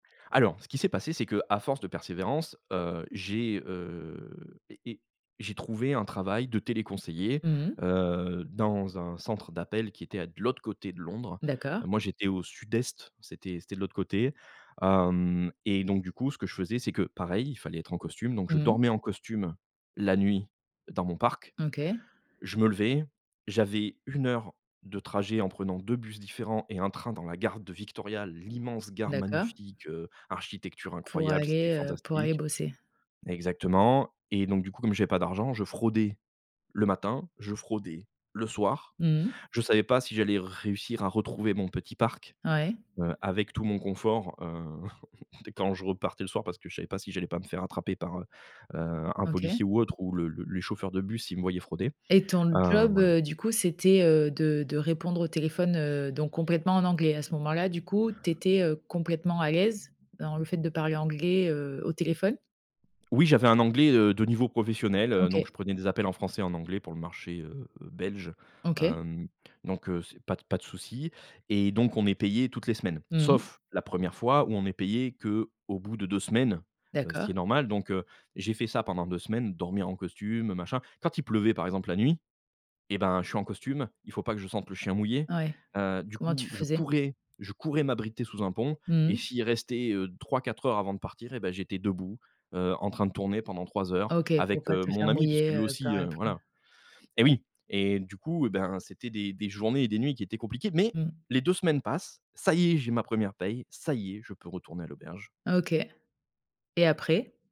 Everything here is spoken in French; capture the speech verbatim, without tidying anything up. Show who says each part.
Speaker 1: Alors, ce qui s'est passé c'est qu'à force de persévérance, heu, j'ai, heu, et et j'ai trouvé un travail de téléconseiller,
Speaker 2: Mmh mh.
Speaker 1: heu, dans un centre d'appel qui était de l'autre côté de Londres.
Speaker 2: D'accord.
Speaker 1: Moi, j'étais au sud-est, c'était c'était de l'autre côté, hem et donc du coup, ce que je faisais, c'est que, pareil, il fallait être en costume, donc je
Speaker 2: Mmh.
Speaker 1: dormais en costume la nuit dans mon parc,
Speaker 2: OK.
Speaker 1: je me levais, j'avais une heure de trajet en prenant deux bus différents et un train dans la gare de Victoria, l'immense gare
Speaker 2: D'accord.
Speaker 1: magnifique, heu, architecture
Speaker 2: Pour
Speaker 1: incroyable, c'était
Speaker 2: aller, heu, pour aller
Speaker 1: fantastique
Speaker 2: bosser.
Speaker 1: exactement et donc du coup, comme j'avais pas d'argent, je fraudais le matin, je fraudais le soir,
Speaker 2: Mmh.
Speaker 1: je savais pas si j'allais réussir à retrouver mon petit parc,
Speaker 2: Ouais.
Speaker 1: heu, avec tout mon confort, heu, quand je repartais le soir, parce que je savais pas si j'allais pas me faire attraper par, heu, heu, un
Speaker 2: OK.
Speaker 1: policier ou autre ou le le les chauffeurs de bus, s'ils me voyaient frauder,
Speaker 2: Et ton
Speaker 1: heu,
Speaker 2: job,
Speaker 1: voilà.
Speaker 2: heu, du coup, c'était, heu, de de répondre au téléphone, heu, donc complètement en anglais, à ce moment-là, du coup, tu étais, heu, complètement à l'aise dans le fait de parler anglais, heu, au téléphone?
Speaker 1: Oui j'avais un anglais, heu, de niveau professionnel, heu, donc
Speaker 2: OK.
Speaker 1: je prenais des appels en français et en anglais pour le marché, heu, belge,
Speaker 2: OK.
Speaker 1: hem, donc, heu, c'est pas d pas de souci. Et donc, on est payé toutes les semaines,
Speaker 2: Mmh mh.
Speaker 1: sauf la première fois où on est payé qu'au bout de deux semaines, heu, ce
Speaker 2: D'accord.
Speaker 1: qui est normal, donc heu, j'ai fait ça pendant deux semaines, dormir en costume, machin. Quand il pleuvait, par exemple, la nuit, et ben, je suis en costume, il faut pas que je sente le chien mouillé,
Speaker 2: Ouais,
Speaker 1: heu, du
Speaker 2: comment
Speaker 1: coup,
Speaker 2: tu
Speaker 1: je
Speaker 2: faisais?
Speaker 1: courais, je courais m'abriter sous un pont et
Speaker 2: Mmh.
Speaker 1: s'il restait, heu, trois-quatre heures avant de partir, et ben, j'étais debout, heu, en train de tourner pendant trois heures
Speaker 2: OK, pour
Speaker 1: avec,
Speaker 2: pas
Speaker 1: heu,
Speaker 2: te
Speaker 1: mon
Speaker 2: faire
Speaker 1: ami puisque
Speaker 2: mouiller,
Speaker 1: lui
Speaker 2: heu,
Speaker 1: aussi,
Speaker 2: par
Speaker 1: heu,
Speaker 2: la pluie.
Speaker 1: voilà. Et oui, et du coup, ben, c'était des des journées et des nuits qui étaient compliquées mais
Speaker 2: Mmh.
Speaker 1: les deux semaines passent, ça y est, j'ai ma première paye, ça y est, je peux retourner à l'auberge.
Speaker 2: OK et après?